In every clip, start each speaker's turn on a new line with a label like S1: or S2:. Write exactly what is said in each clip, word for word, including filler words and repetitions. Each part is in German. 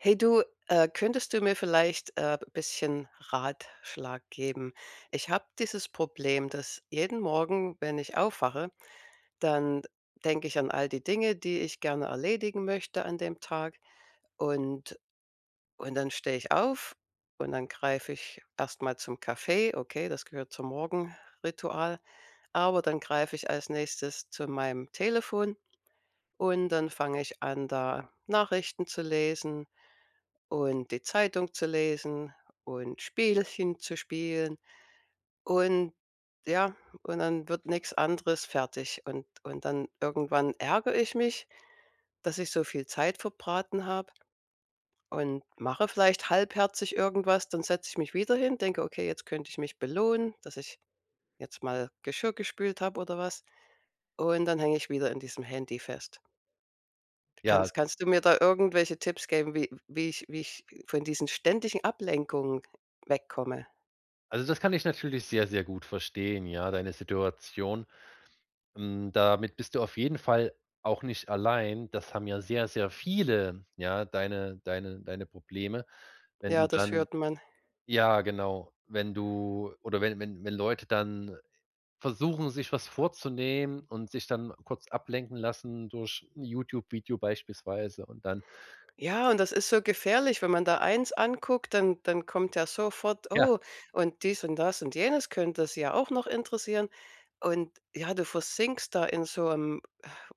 S1: Hey, du, äh, könntest du mir vielleicht, äh, bisschen Ratschlag geben? Ich habe dieses Problem, dass jeden Morgen, wenn ich aufwache, dann denke ich an all die Dinge, die ich gerne erledigen möchte an dem Tag. Und und dann stehe ich auf, und dann greife ich erst mal zum Kaffee, okay, das gehört zum Morgenritual. Aber dann greife ich als Nächstes zu meinem Telefon. Und dann fange ich an, da Nachrichten zu lesen und die Zeitung zu lesen und Spielchen zu spielen. Und ja, und dann wird nix anderes fertig. Und und dann irgendwann ärgere ich mich, dass ich so viel Zeit verbraten habe und mache vielleicht halbherzig irgendwas. Dann setze ich mich wieder hin, denke: „Okay, jetzt könnte ich mich belohnen, dass ich jetzt mal Geschirr gespült habe“ oder was. Und dann hänge ich wieder in diesem Handy fest. Kannst
S2: Ja.
S1: kannst du mir da irgendwelche Tipps geben, wie wie ich wie ich von diesen ständigen Ablenkungen wegkomme?
S2: Also, das kann ich natürlich sehr, sehr gut verstehen, ja, deine Situation. Hm, damit bist du auf jeden Fall auch nicht allein. Das haben ja sehr, sehr viele, ja, deine deine deine Probleme. Wenn du
S1: Ja, das
S2: dann
S1: hört man.
S2: ja genau, wenn du oder wenn wenn wenn Leute dann versuchen, sich was vorzunehmen und sich dann kurz ablenken lassen durch 'n YouTube Video beispielsweise und dann
S1: Ja, und das ist so gefährlich, wenn man da eins anguckt, dann dann kommt ja sofort:
S2: Ja.
S1: „Oh, und dies und das und jenes könnte Sie ja auch noch interessieren.“ Und, ja, du versinkst da in so 'em,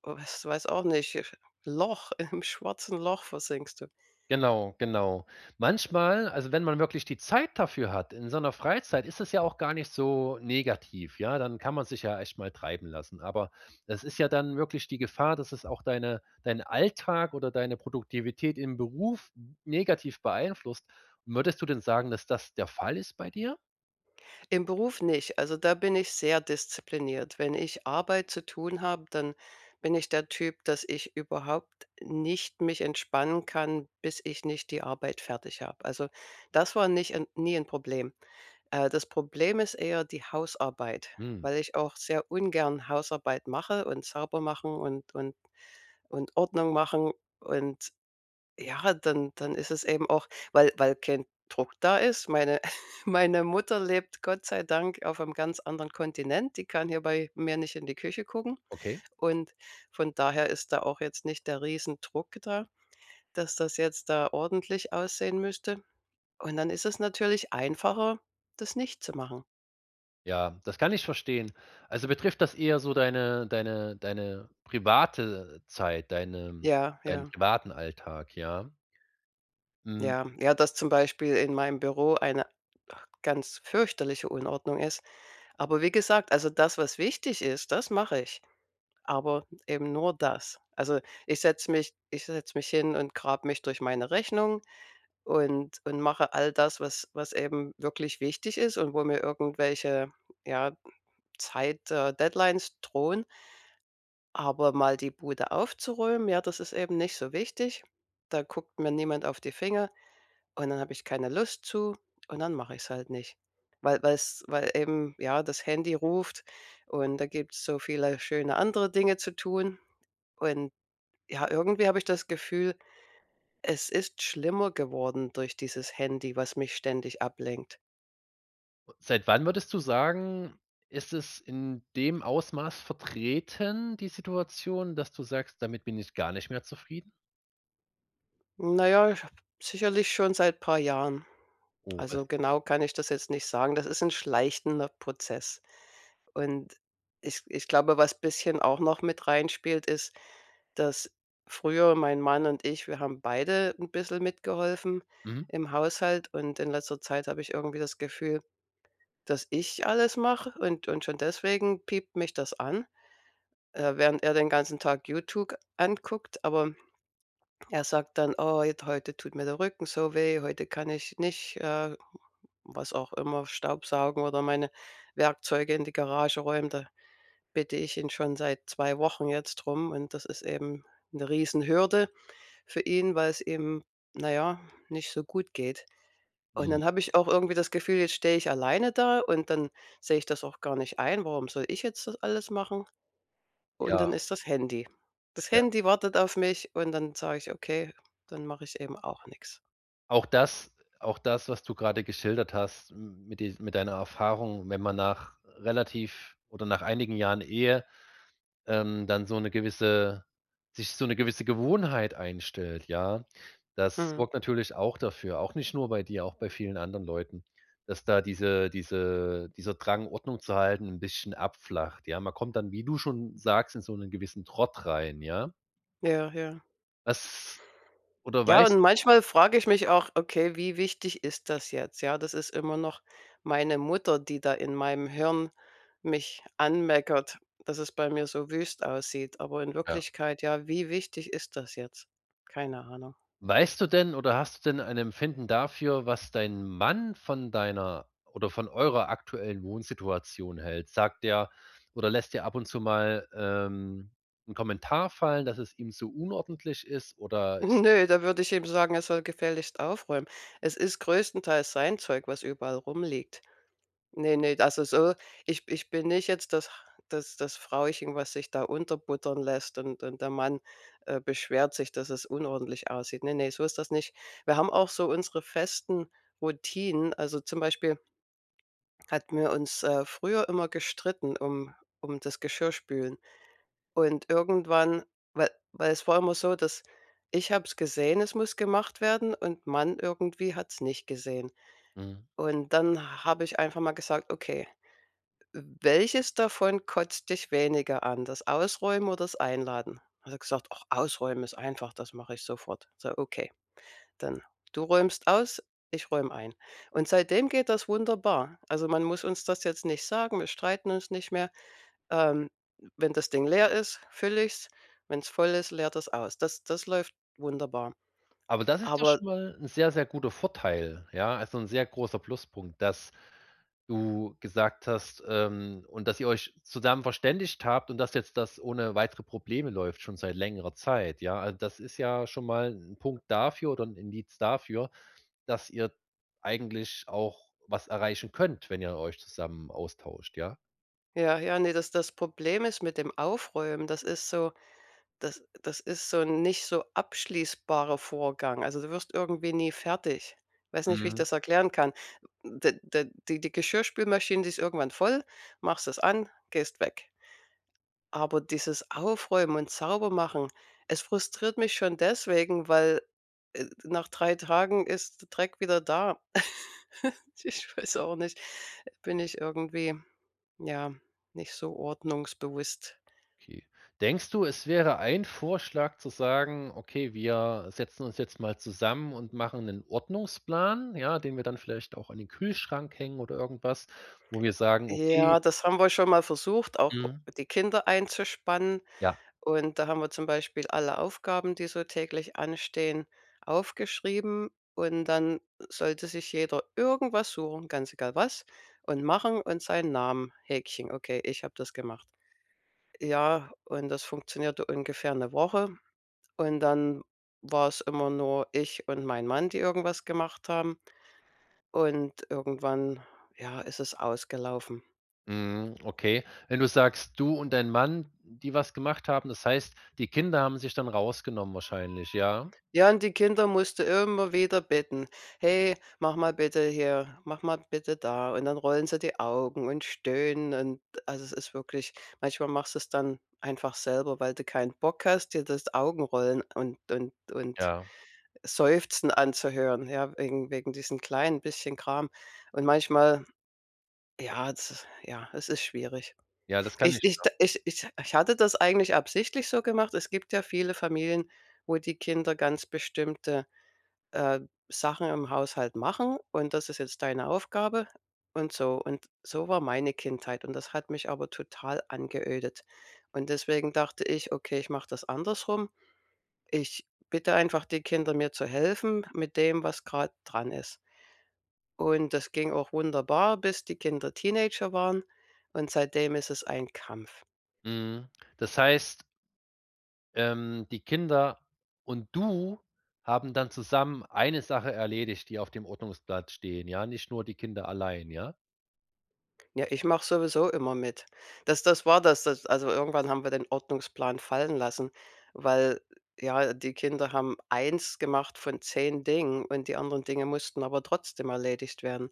S1: was weiß auch nicht, Loch im schwarzen Loch versinkst du.
S2: Genau, genau. Manchmal also, wenn man wirklich die Zeit dafür hat in seiner Freizeit, ist es ja auch gar nicht so negativ, ja? Dann kann man sich ja echt mal treiben lassen, aber das ist ja dann wirklich die Gefahr, dass es auch deine deinen Alltag oder deine Produktivität im Beruf negativ beeinflusst. Würdest du denn sagen, dass das der Fall ist bei dir?
S1: Im Beruf nicht, also, da bin ich sehr diszipliniert. Wenn ich Arbeit zu tun habe, dann bin ich der Typ, dass ich überhaupt nicht mich entspannen kann, bis ich nicht die Arbeit fertig habe. Also, das war nicht 'n nie 'n Problem. Äh, das Problem ist eher die Hausarbeit,
S2: Mhm.
S1: weil ich auch sehr ungern Hausarbeit mache und sauber mache und und und Ordnung machen und ja, dann dann ist es eben auch, weil weil kein Druck da ist. Meine meine Mutter lebt Gott sei Dank aufm ganz anderen Kontinent, die kann hier bei mir nicht in die Küche gucken.
S2: Okay.
S1: Und von daher ist da auch jetzt nicht der Riesendruck da, dass das jetzt da ordentlich aussehen müsste. Und dann ist es natürlich einfacher, das nicht zu machen.
S2: Ja, das kann ich verstehen. Also, betrifft das eher so deine deine deine private Zeit, deine
S1: Ja,
S2: deinen
S1: ja.
S2: privaten Alltag, ja? Hm.
S1: Ja, ja, dass zum Beispiel in meinem Büro eine ganz fürchterliche Unordnung ist. Aber wie gesagt, also, das, was wichtig ist, das mache ich, aber eben nur das. Also, ich setze mich ich setze mich hin und grab mich durch meine Rechnung und und mache all das, was was eben wirklich wichtig ist und wo mir irgendwelche, ja, Zeit, äh Deadlines drohen. Aber mal die Bude aufzuräumen, ja, das ist eben nicht so wichtig. Da guckt mir niemand auf die Finger und dann habe ich keine Lust zu und dann mache ich's halt nicht, weil weil's weil eben ja das Handy ruft und da gibt's so viele schöne andere Dinge zu tun. Und, ja irgendwie habe ich das Gefühl es ist schlimmer geworden durch dieses Handy was mich ständig ablenkt.
S2: Seit wann würdest du sagen, ist es in dem Ausmaß vertreten, die Situation, dass du sagst: „Damit bin ich gar nicht mehr zufrieden“?
S1: Na ja, ich habe sicherlich schon seit paar Jahren.
S2: Oh. [unintelligible]
S1: Also, genau kann ich das jetzt nicht sagen. Das ist 'n schleichender Prozess. Und ich ich glaube, was bisschen auch noch mit reinspielt, ist, dass früher mein Mann und ich, wir haben beide 'n bissel mitgeholfen
S2: Mhm.
S1: im Haushalt und in letzter Zeit habe ich irgendwie das Gefühl, dass ich alles mache. Und und schon deswegen piept mich das an, äh, während er den ganzen Tag YouTube anguckt. Aber er sagt dann: „Oh, jetzt heute tut mir der Rücken so weh, heute kann ich nicht, äh, was auch immer, staubsaugen oder meine Werkzeuge in die Garage räumen.“ Da bitte ich ihn schon seit zwei Wochen jetzt drum und das ist eben 'ne Riesenhürde für ihn, weil's ihm, na ja, nicht so gut geht. Und
S2: Hm.
S1: dann habe ich auch irgendwie das Gefühl, jetzt stehe ich alleine da und dann sehe ich das auch gar nicht ein. Warum soll ich jetzt das alles machen? Und
S2: Ja.
S1: dann ist das Handy. Das
S2: Ja.
S1: Handy wartet auf mich und dann sage ich: „Okay, dann mache ich eben auch nix.“
S2: Auch das auch das, was du grade geschildert hast mit dies mit deiner Erfahrung, wenn man nach relativ oder nach einigen Jahren Ehe, ähm, dann so 'ne gewisse sich so 'ne gewisse Gewohnheit einstellt, ja? Das
S1: Mhm.
S2: sorgt natürlich auch dafür- auch nicht nur bei dir, auch bei vielen anderen Leuten- dass da diese diese dieser Drang, Ordnung zu halten, 'n bisschen abflacht, ja? Man kommt dann, wie du schon sagst, in so 'nen gewissen Trott rein, ja?
S1: Ja, ja.
S2: Was oder
S1: Ja, und
S2: weißt
S1: manchmal frage ich mich auch: „Okay, wie wichtig ist das jetzt?“ Ja, das ist immer noch meine Mutter, die da in meinem Hirn mich anmeckert, dass es bei mir so wüst aussieht, aber in
S2: Ja.
S1: Wirklichkeit ja, wie wichtig ist das jetzt? Keine Ahnung.
S2: Weißt du denn oder hast du denn ein Empfinden dafür, was dein Mann von deiner oder von eurer aktuellen Wohnsituation hält? Sagt der oder lässt der ab und zu mal ähm, 'n Kommentar fallen, dass es ihm zu unordentlich ist oder ist
S1: Ne, da würde ich eben sagen, er soll gefälligst aufräumen. Es ist größtenteils sein Zeug, was überall rumliegt. Ne, ne, also, so ich ich bin nicht jetzt das das das Frauchen was sich da unterbuttern lässt und und der Mann, äh, beschwert sich, dass es unordentlich aussieht. Ne, ne, so ist das nicht. Wir haben auch so unsere festen Routinen. Also, zum Beispiel hatten wir uns, äh, früher immer gestritten, um um das Geschirrspülen. Und irgendwann wa war es vorher immer so, dass ich habe es gesehen, es muss gemacht werden und Mann irgendwie hat's nicht gesehen.
S2: Mhm.
S1: Und dann habe ich einfach mal gesagt: „Okay, w welches davon kotzt dich weniger an? Das Ausräumen oder das Einladen?“ Hat er gesagt: „Och, Ausräumen ist einfach, das mache ich sofort.“ So, okay, dann: „Du räumst aus, ich räume ein.“ Und seitdem geht das wunderbar. Also, man muss uns das jetzt nicht sagen, wir streiten uns nicht mehr, ähm, wenn das Ding leer ist, fülle ich's. Wenn's voll ist, leert er's aus. Das das läuft wunderbar,
S2: Aber das ist doch
S1: aber
S2: schon mal 'n sehr, sehr guter Vorteil, ja? Also, 'n sehr großer Pluspunkt, dass du gesagt hast ähm, und dass ihr euch zusammen verständigt habt und dass jetzt das ohne weitere Probleme läuft schon seit längerer Zeit, ja? Also, das ist ja schon mal 'n Punkt dafür oder 'n Indiz dafür, dass ihr eigentlich auch was erreichen könnt, wenn ihr euch zusammen austauscht, ja?
S1: Ja, ja, ne, das das Problem ist mit dem Aufräumen das ist so das das ist so 'n nicht so abschließbarer Vorgang. Also, du wirst irgendwie nie fertig. Weiß nicht, wie ich
S2: Mhm.
S1: das erklären kann. D d die die Geschirrspülmaschine, die ist irgendwann voll, machst das an, gehst weg. Aber dieses Aufräumen und sauber machen, es frustriert mich schon deswegen, weil, äh, nach drei Tagen ist Dreck wieder da. Ich weiß auch nicht, bin ich irgendwie, ja, nicht so ordnungsbewusst.
S2: Okay, denkst du, es wäre ein Vorschlag zu sagen: „Okay, wir setzen uns jetzt mal zusammen und machen 'nen Ordnungsplan, ja, den wir dann vielleicht auch an den Kühlschrank hängen oder irgendwas, wo wir sagen, okay“
S1: Ja, das haben wir schon mal versucht, auch
S2: Mhm.
S1: die Kinder einzuspannen.
S2: Ja.
S1: Und da haben wir zum Beispiel alle Aufgaben, die so täglich anstehen, aufgeschrieben. Und dann sollte sich jeder irgendwas suchen, ganz egal was und machen und seinen Namen Häkchen: „Okay, ich habe das gemacht.“ Ja, und das funktionierte ungefähr 'ne Woche. Und dann war's immer nur ich und mein Mann, die irgendwas gemacht haben. Und irgendwann ja, ist es ausgelaufen.
S2: Mhm, okay. Wenn du sagst, du und dein Mann, die was gemacht haben, das heißt, die Kinder haben sich dann rausgenommen wahrscheinlich, ja?
S1: Ja und die Kinder musst du immer wieder bitten: „Hey, mach mal bitte hier, mach mal bitte da.“ Und dann rollen sie die Augen und stöhnen und, also, es ist wirklich manchmal machst du's dann einfach selber, weil du kein Bock hast dir das Augenrollen und und und
S2: Ja.
S1: Seufzen anzuhören, ja, wegen wegen diesen kleinen bisschen Kram, und manchmal ja z ja, es ist schwierig.
S2: Ja, das kann
S1: Ich
S2: ich
S1: ich
S2: nach
S1: d ich ich ich hatte das eigentlich absichtlich so gemacht. Es gibt ja viele Familien, wo die Kinder ganz bestimmte, äh, Sachen im Haushalt machen, und „Das ist jetzt deine Aufgabe“ und so. Und so war meine Kindheit, und das hat mich aber total angeödet. Und deswegen dachte ich, okay, ich mache das andersrum. Ich bitte einfach die Kinder, mir zu helfen mit dem, was grade dran ist. Und das ging auch wunderbar, bis die Kinder Teenager waren, und seitdem ist es ein Kampf.
S2: Mhm, das heisst ähm, die Kinder und du haben dann zusammen eine Sache erledigt, die auf dem Ordnungsblatt stehen, ja? Nicht nur die Kinder allein, ja?
S1: Ja, ich mache sowieso immer mit. Das das war das, dass also, irgendwann haben wir den Ordnungsplan fallen lassen, weil ja, die Kinder haben Eins gemacht von Zehn Dingen und die anderen Dinge mussten aber trotzdem erledigt werden.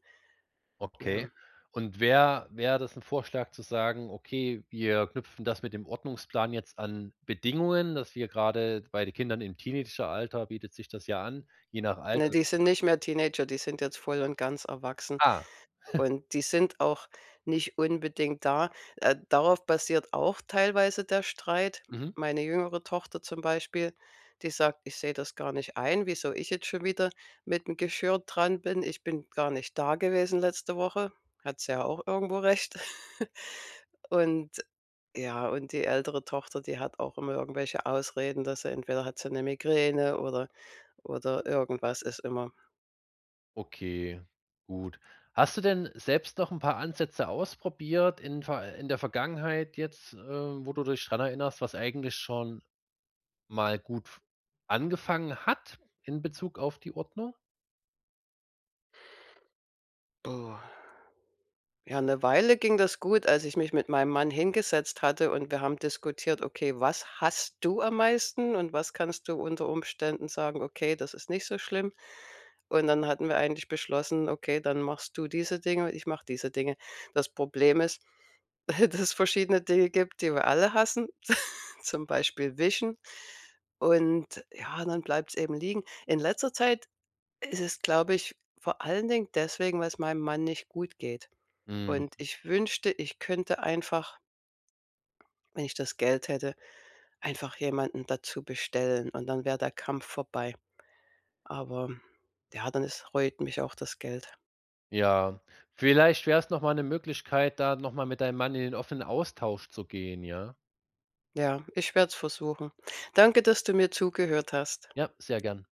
S1: Ja.
S2: Okay und wär wäre das ein Vorschlag zu sagen:„ Okay, wir knüpfen das mit dem Ordnungsplan jetzt an Bedingungen. Das wir grade", bei den Kindern im Teenageralter bietet sich das ja an, je nach Alter.
S1: Ne, die sind
S2: [unintelligible]
S1: nicht mehr Teenager, die sind jetzt voll und ganz erwachsen
S2: Ah.
S1: und die sind auch nicht unbedingt da. Äh, darauf basiert auch teilweise der Streit.
S2: Mhm.
S1: Meine jüngere Tochter zum Beispiel, die sagt:„ Ich sehe das gar nicht ein, wieso ich jetzt schon wieder, mit dem Geschirr dran bin. Ich bin gar nicht da gewesen letzte Woche." Hat sie ja auch irgendwo recht. Und ja, und die ältere Tochter, die hat auch immer irgendwelche Ausreden, dass sie entweder hat sie 'ne Migräne oder oder irgendwas ist immer.
S2: Okay, gut. Hast du denn selbst noch n' paar Ansätze ausprobiert in ver äh, in der Vergangenheit jetzt, äh, wo du dich dran erinnerst, was eigentlich schon mal gut f angefangen hat in Bezug auf die Ordnung?
S1: Oh, ja, 'ne Weile ging das gut, als ich mich mit meinem Mann hingesetzt hatte und wir haben diskutiert: „Okay, was hasst du am meisten und was kannst du unter Umständen sagen, okay, das ist nicht so schlimm.“ Und dann hatten wir eigentlich beschlossen: „Okay, dann machst du diese Dinge und ich mache diese Dinge.“ Das Problem ist, dass verschiedene Dinge gibt, die wir alle hassen, zum Beispiel wischen. Und ja, dann bleibt's eben liegen. In letzter Zeit ist es, glaube ich, vor allen Dingen deswegen, weil 's meinem Mann nicht gut geht.
S2: Mhm.
S1: Und ich wünschte, ich könnte einfach, wenn ich das Geld hätte, einfach jemanden dazu bestellen und dann wäre der Kampf vorbei, aber ja dann ist reut mich auch das Geld.
S2: Ja, vielleicht wär's nochmal ne Möglichkeit, da nochmal mit deinem Mann in den offenen Austausch zu gehen, ja?
S1: Ja, ich werd's versuchen. Danke, dass du mir zugehört hast.
S2: Ja, sehr gern.